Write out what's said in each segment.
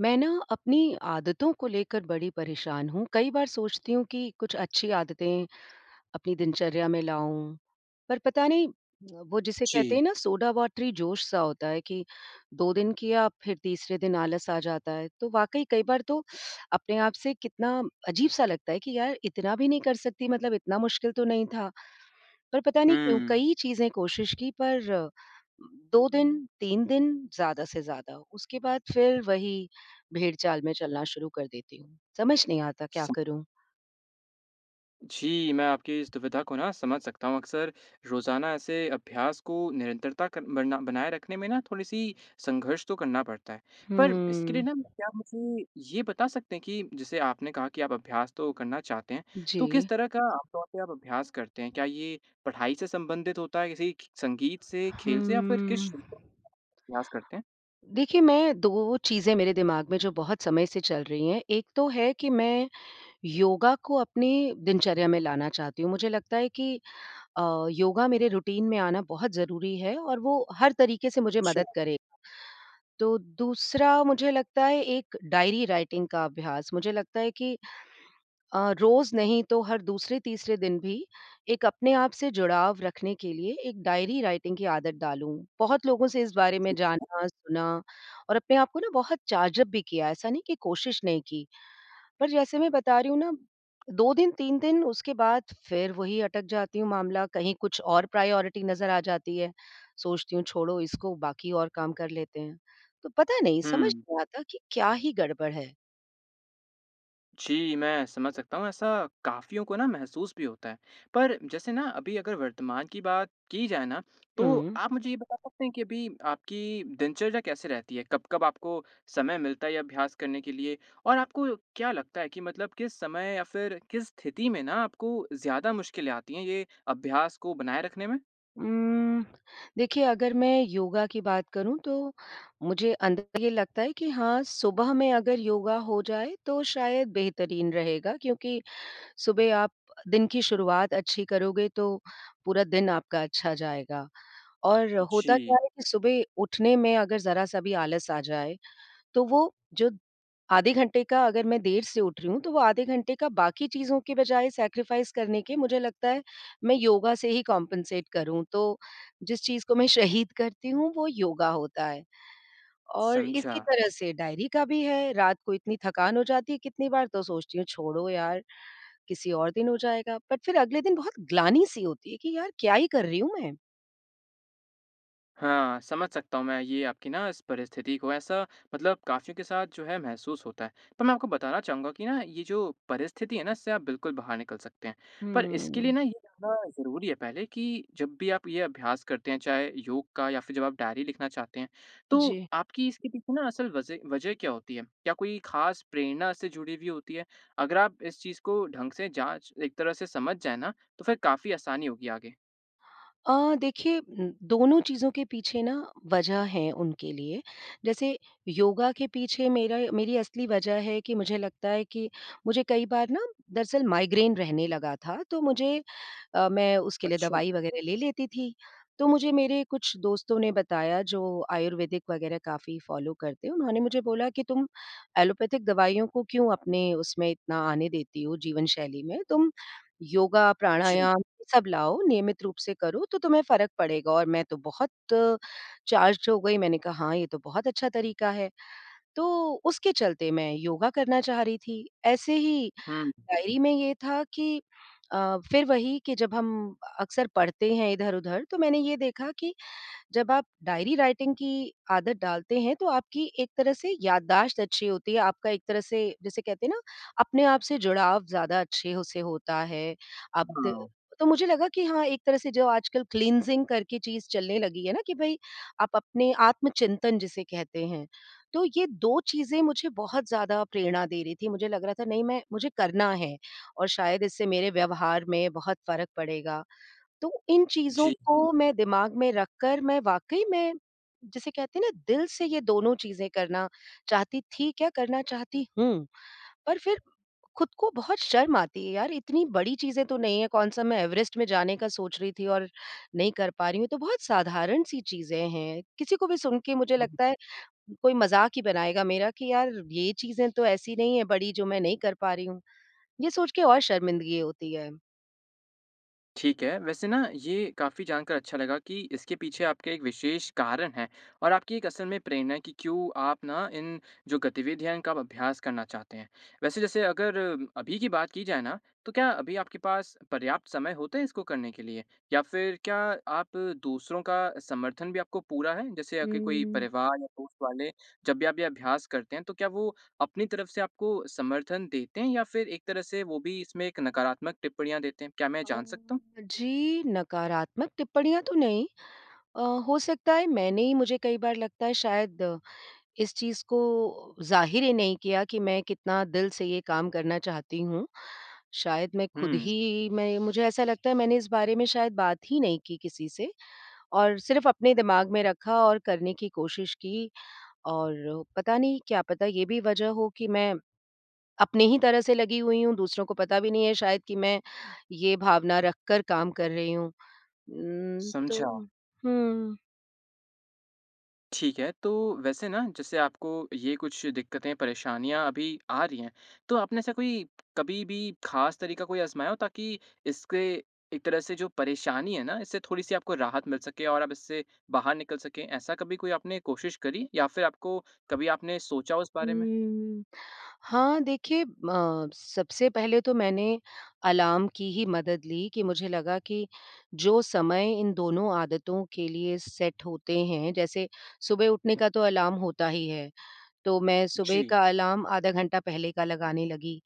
मैं ना अपनी आदतों को लेकर बड़ी परेशान हूँ। कई बार सोचती हूँ कि कुछ अच्छी आदतें अपनी दिनचर्या में लाऊँ। पर पता नहीं, अ, वो जिसे कहते जी। हैं ना सोडा वाटरी जोश-सा होता है कि 2 दिन किया फ़िर तीसरे दिन आलस-आ जाता है। तो वाक़ई कई बार तो अपने आप से कितना अजीब-सा लगता है कि यार इतना भी नहीं कर सकती मतलब इतना मुश्किल तो नहीं था। पर पता नहीं क्यों हम्म। कई चीज़ें कोशिश की पर, 2 दिन, 3 दिन ज़्यादा से ज़्यादा, उसके बाद फ़िर वही भेड़चाल में चलना शुरू कर देती हूँ। समझ नहीं आता क्या सम करूँ? जी, मैं आपकी इस दुविधा को ना समझ सकता हूँ। अक्सर रोज़ाना ऐसे अभ्यास को निरंतरता कर बरना बनाए रखने में ना थोड़ी-सी संघर्ष तो करना पड़ता है। पर इसके लिए हम्म। ना क्या मुझे ये बता सकते हैं कि जैसे आपने कहा कि आप अभ्यास तो करना चाहते हैं। तो किस जी। तरह का आम तौर पे आप अभ्यास करते हैं? क्या ये पढ़ाई से संबंधित होता है, किसी खि संगीत से, खेल से या फ़िर किस हम्म। [unintelligible] अभ्यास करते हैं? देखिए, मैं 2 चीज़ें मेरे दिमाग में जो बहुत समय से चल रही हैं। एक तो है कि मैं योगा को अपने दिनचर्या में लाना चाहती हूँ। मुझे लगता है कि अ, योगा मेरे रूटीन में आना बहुत ज़रूरी है और वो हर तरीके से मुझे अच्छा। मदद करे। तो दूसरा मुझे लगता है एक डायरी राइटिंग का अभ्यास। मुझे लगता है कि अ, रोज़ नहीं तो हर दूसरे-तीसरे दिन भी एक अपने आप से जुड़ाव रखने के लिए एक डायरी राइटिंग की आदत डालूँ। बहुत लोगों से इस बारे में ठीक है। जाना, सुना और अपने आप को ना बहुत चार्ज अप भी किया है, ऐसा नहीं कि कोशिश नहीं की। पर जैसे मैं बता रही हूँ ना, 2 दिन, 3 दिन, उसके बाद फ़िर वही अटक जाती हूँ मामला, कहीं कुछ और प्रायोरिटी नज़र आ जाती है। सोचती हूँ छोड़ो इसको बाकी और काम कर लेते हैं। तो पता नहीं, समझ हुँ। नहीं आता कि क्या ही गड़बड़ है। जी, मैं समझ सकता हूँ ऐसा काफ़ियों को ना महसूस भी होता है। पर जैसे ना अभी अगर वर्तमान की बात की जाए ना तो हुँ। आप मुझे ये बता सकते हैं कि अभी आपकी दिनचर्या कैसे रहती है? कब-कब आपको समय मिलता है ये अभ्यास करने के लिए? और आपको क्या लगता है कि मतलब किस समय या फ़िर किस स्थिति में ना आपको ज़्यादा मुश्किलें आती हैं ये अभ्यास को बनाए रखने में? उम्म, देखिए अगर मैं योगा की बात करूँ तो मुझे अंदर ये लगता है कि हाँ सुबह में अगर योगा हो जाए तो शायद बेहतरीन रहेगा क्योंकि सुबह आप दिन की शुरुआत अच्छी करोगे तो पूरा दिन आपका अच्छा जाएगा। और होता क्या जी। है कि सुबह उठने में अगर ज़रा-सा भी आलस आ जाए तो वो जो आधे घंटे का अगर मैं देर से उठ रही हूँ तो वो आधे घंटे का बाकी चीज़ों की बजाय सैक्रिफ़ाइज़ करने के मुझे लगता है, मैं योगा से ही कम्पेन्सेट करूँ। तो जिस चीज़ को मैं शहीद करती हूँ वो योगा होता है। और इसी समझा। तरह से डायरी का भी है, रात को इतनी थकान हो जाती है कितनी बार तो सोचती हूँ छोड़ो यार, किसी और दिन हो जाएगा बट फ़िर अगले दिन बहुत ग्लानि-सी होती है कि यार क्या ही कर रही हूँ मैं। हाँ, समझ सकता हूँ मैं ये आपकी ना इस परिस्थिति को, ऐसा मतलब काफ़ियों के साथ जो है महसूस होता है। पर मैं आपको बताना चाहूँगा कि ना ये जो परिस्थिति है ना इससे आप बिल्कुल बाहर निकल सकते हैं। पर इसके लिए हम्म। ना ये जानना ज़रूरी है पहले कि जब भी आप ये अभ्यास करते हैं, चाहे योग का या फ़िर जब आप डायरी लिखना चाहते हैं तो जी। आपकी इसके पीछे ना असल वज़ह वजह क्या होती है? क्या कोई ख़ास प्रेरणा से जुड़ी हुई होती है? अगर आप इस चीज़ को ढंग से जाँच एक तरह से समझ जाए ना, तो फिर काफ़ी आसानी होगी आगे। अ, देखिए, उम, दोनों चीज़ों के पीछे ना वजह है उनके लिए। जैसे योगा के पीछे मेरा मेरी असली वजह है कि मुझे लगता है कि मुझे कई बार ना दरअसल माइग्रेन रहने लगा था तो मुझे अ, मैं उसके लिए अच्छा। दवाई वग़ैरह ले लेती थी। तो मुझे मेरे कुछ दोस्तों ने बताया जो आयुर्वेदिक वग़ैरह काफ़ी फ़ॉलो करते हैं, उन्होंने मुझे बोला कि तुम एलोपैथिक दवाइयों को क्यों अपने उसमें इतना आने देती हो जीवन शैली में। तुम योगा, जी। प्राणायाम सब लाओ नियमित रूप से करो तो तुम्हें फ़र्क पड़ेगा और मैं तो बहुत चार्ज्ड हो गई। मैंने कहा हाँ, ये तो बहुत अच्छा तरीका है तो उसके चलते मैं योगा करना चाह रही थी। ऐसे ही हुँ। डायरी में ये था कि अ, फ़िर वही कि जब हम अक्सर पढ़ते हैं इधर-उधर तो मैंने ये देखा कि जब आप डायरी राइटिंग की आदत डालते हैं तो आपकी एक तरह से याददाश्त अच्छी होती है, आपका एक तरह से जिसे कहते हैं ना, अपने आप से जुड़ाव ज़्यादा अच्छे हो से होता है। अब द हाँ। तो मुझे लगा कि हाँ एक तरह से जो आजकल क्लीनसिंग करके चीज़ चलने लगी है ना कि भई आप अपने आत्मचिंतन जिसे कहते हैं। तो ये 2 चीज़ें मुझे बहुत ज़्यादा प्रेरणा दे रही थी, मुझे लग रहा था नहीं मैं मुझे करना है और शायद इससे मेरे व्यवहार में बहुत फ़र्क पड़ेगा। तो इन चीज़ों जी। को मैं दिमाग में रखकर मैं वाक़ई में, जिसे कहते हैं ना दिल से ये दोनों चीज़ें करना चाहती थी क्या करना चाहती हूँ। पर फ़िर ख़ुद को बहुत शर्म आती है यार, इतनी बड़ी चीज़ें तो नहीं है, कौन-सा मैं एवरेस्ट में जाने का सोच रही थी और नहीं कर पा रही हूँ। तो बहुत साधारण-सी चीज़ें हैं। किसी को भी सुनके मुझे हाँ। लगता है कोई मज़ाक ही बनाएगा मेरा कि यार ये चीज़ें तो ऐसी नहीं है बड़ी जो मैं नहीं कर पा रही हूँ। ये सोच के और शर्मिंदगी होती है। ठीक है। वैसे ना ये काफ़ी जानकार अच्छा लगा कि इसके पीछे आपका एक विशेष कारण है और आपकी एक असल में प्रेरणा है कि क्यों आप ना इन जो गतिविधियाँ हैं इनका आप अभ्यास करना चाहते हैं। वैसे जैसे अगर अभी की बात की जाए ना तो क्या अभी आपके पास पर्याप्त समय होते हैं इसको करने के लिए? या फ़िर क्या आप दूसरों का समर्थन भी आपको पूरा है? जैसे आपके कोई उम्म। परिवार या दोस्त वाले, जब भी आप ये अभ्यास करते हैं, तो क्या वो अपनी तरफ़ से आपको समर्थन देते हैं या फ़िर एक तरह से वो भी इसमें एक नकारात्मक टिप्पणियाँ देते हैं? क्या मैं जान सकता हूँ। अम्म जी, नकारात्मक टिप्पणियाँ तो नहीं। अ, हो सकता है मैंने ही मुझे कई बार लगता है शायद इस चीज़ को ज़ाहिर ही नहीं किया कि मैं कितना दिल से ये काम करना चाहती हूँ। शायद मैं ख़ुद हुँ। ही मैं मुझे ऐसा लगता है मैंने इस बारे में शायद बात ही नहीं की किसी से और सिर्फ़ अपने दिमाग में रखा और करने की कोशिश की और पता नहीं क्या पता ये भी वजह हो कि मैं अपने ही तरह से लगी हुई हूँ, दूसरों को पता भी नहीं है शायद कि मैं ये भावना रखकर काम कर रही हूँ। उम्म तो, समझा। हुँ। ठीक है। तो वैसे ना जैसे आपको ये कुछ दिक़्क़तें, परेशानियाँ अभी आ रही हैं, तो आपने ऐसा कोई कभी भी ख़ास तरीका कोई अजमाया हो ताकि इसके एक तरह से जो परेशानी है ना, इससे थोड़ी-सी आपको राहत मिल सके और अब इससे बाहर निकल सकें? ऐसा कभी कोई आपने कोशिश करी या फ़िर आपको कभी आपने सोचा हो उस बारे में? उम्म, हाँ देखिए, म सबसे पहले तो मैंने अलार्म की ही मदद ली कि मुझे लगा कि जो समय इन दोनों आदतों के लिए सेट होते हैं जैसे सुबह उठने का तो अलार्म होता ही है। तो मैं सुबह जी। का अलार्म आधा घंटा पहले का लगाने लगी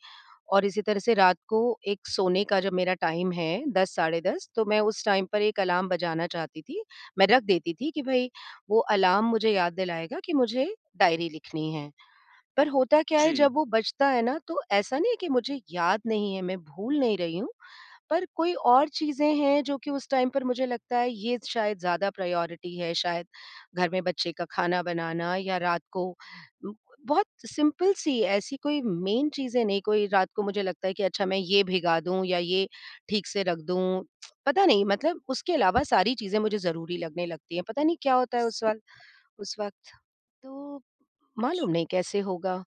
और इसी तरह से रात को एक सोने का जो मेरा टाइम है 10 साढ़े 10 तो मैं उस टाइम पर 1 अलार्म बजाना चाहती थी। मैं रख देती थी कि भई वो अलार्म मुझे याद दिलाएगा कि मुझे डायरी लिखनी है। पर होता क्या है जब जी। वो बजता है ना तो ऐसा नहीं है कि मुझे याद नहीं है, मैं भूल नहीं रही हूँ, पर कोई और चीज़ें हैं जो कि उस टाइम पर मुझे लगता है ये शायद ज़्यादा प्रायोरिटी है, शायद घर में बच्चे का ख़ाना बनाना या रात को बहुत सिंपल सी ऐसी कोई मेन चीज़ें नहीं, कोई रात को मुझे लगता है कि अच्छा मैं ये भीगा दूँ या ये ठीक से रख दूँ, पता नहीं, मतलब उसके अलावा सारी चीज़ें मुझे ज़रूरी लगने लगती हैं। पता नहीं क्या होता है उस वल उस वक्त। तो जी। मालूम नहीं कैसे होगा।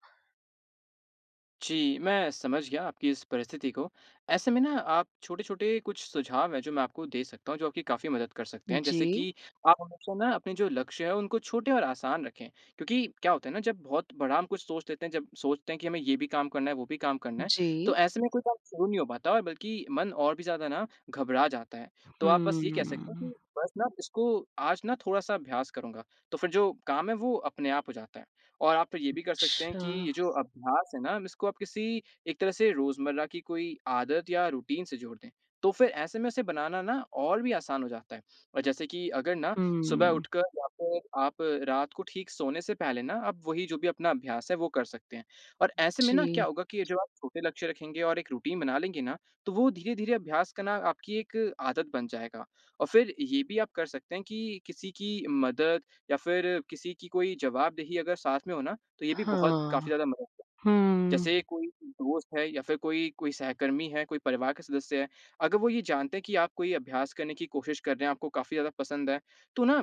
जी, मैं समझ गया आपकी इस परिस्थिति को। ऐसे में ना आप छोटे-छोटे कुछ सुझाव हैं जो मैं आपको दे सकता हूँ जो आपकी काफ़ी मदद कर सकते हैं। जैसे जी। कि आप हमेशा ना अपने जो लक्ष्य हैं उनको छोटे और आसान रखें। क्योंकि क्या होता है ना जब बहुत बड़ा हम कुछ सोच लेते हैं जब सोचते हैं कि हमें ये भी काम करना है वो भी काम करना है। तो जी। ऐसे में कोई काम शुरू नहीं हो पाता बल्कि मन और भी ज़्यादा ना घबरा जाता है। तो आप बस ये कह सकते हैं हम्म। कि बस ना इसको आज ना थोड़ा-सा अभ्यास करूँगा। तो फ़िर जो काम है वो अपने आप हो जाता है और आप ये भी कर सकते हैं अच्छा। कि ये जो अभ्यास है ना इसको आप किसी एक तरह से रोज़मर्रा की कोई आदत या रूटीन से जोड़ दें। तो फ़िर ऐसे में इसे बनाना ना और भी आसान हो जाता है। और जैसे कि अगर ना सुबह हम्म। उठकर या फ़िर आप रात को ठीक सोने से पहले ना अब वही जो भी अपना अभ्यास है वो कर सकते हैं और ऐसे में ना जी। क्या होगा कि ये जो आप छोटे लक्ष्य रखेंगे और एक रूटीन बना लेंगे ना तो वो धीरे-धीरे अभ्यास करना आपकी एक आदत बन जाएगा। और फ़िर ये भी आप कर सकते हैं कि किसी की मदद या फ़िर किसी की कोई जवाबदेही अगर साथ में हो ना तो ये भी बहुत काफ़ी हाँ। ज़्यादा मदद करेगा। हम्म। जैसे कोई दोस्त है या फ़िर कोई कोई सहकर्मी है, कोई परिवार के सदस्य है, अगर वो ये जानते हैं कि आप कोई अभ्यास करने की कोशिश कर रहे हैं आपको काफ़ी ज़्यादा पसंद है तो ना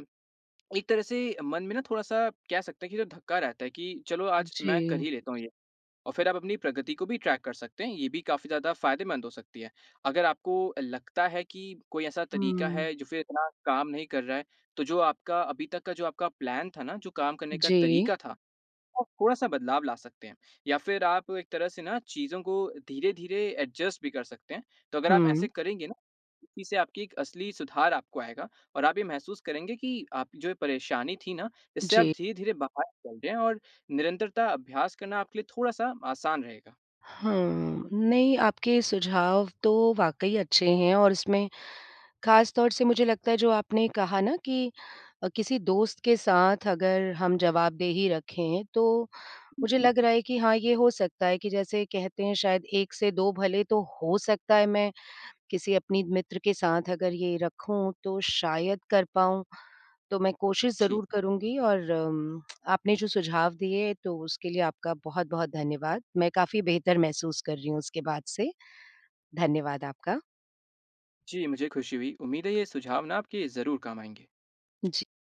एक तरह से मन में ना थोड़ा-सा कह सकता है कि जो धक्का रहता है कि चलो आज मैं कर जी। ही लेता हूँ ये और फ़िर आप अपनी प्रगति को भी ट्रैक कर सकते हैं, ये भी काफ़ी ज़्यादा फ़ायदेमंद हो सकती है। अगर आपको लगता है कि कोई ऐसा तरीका हम्म। है जो फ़िर इतना काम नहीं कर रहा है, तो जो आपका अभी तक का जो आपका प्लान था ना, जो काम करने का जी। तरीका था, आप थोड़ा-सा बदलाव ला सकते हैं या फ़िर आप एक तरह से ना चीज़ों को धीरे-धीरे एडजस्ट भी कर सकते हैं। तो अगर आप हुँ। ऐसे करेंगे ना, तो इससे आपकी एक असली सुधार आपको आएगा और आप ये महसूस करेंगे कि आपकी जो ये परेशानी थी ना, इससे आप जी। धीरे-धीरे बाहर निकल रहे हैं और निरंतरता अभ्यास करना आपके लिए थोड़ा-सा आसान रहेगा। हाँ, नहीं आपके सुझाव तो वाक़ई अच्छे हैं और इसमें ख़ासतौर से मुझे लगता है जो आपने कहा ना कि अ, किसी दोस्त के साथ अगर हम जवाबदेही रखें तो हुँ, मुझे हुँ। लग रहा है कि हाँ ये हो सकता है कि जैसे कहते हैं शायद 1 से 2 भले तो हो सकता है मैं, किसी अपनी मित्र के साथ अगर ये रखूँ तो शायद कर पाऊँ। तो मैं कोशिश ठीक। ज़रूर करूँगी और अम, आपने जो सुझाव दिए तो उसके लिए आपका बहुत-बहुत धन्यवाद। मैं काफ़ी बेहतर महसूस कर रही हूँ उसके बाद से। धन्यवाद आपका। जी मुझे ख़ुशी हुई, उम्मीद है ये सुझाव ना आपके ज़रूर काम आएँगे। जी।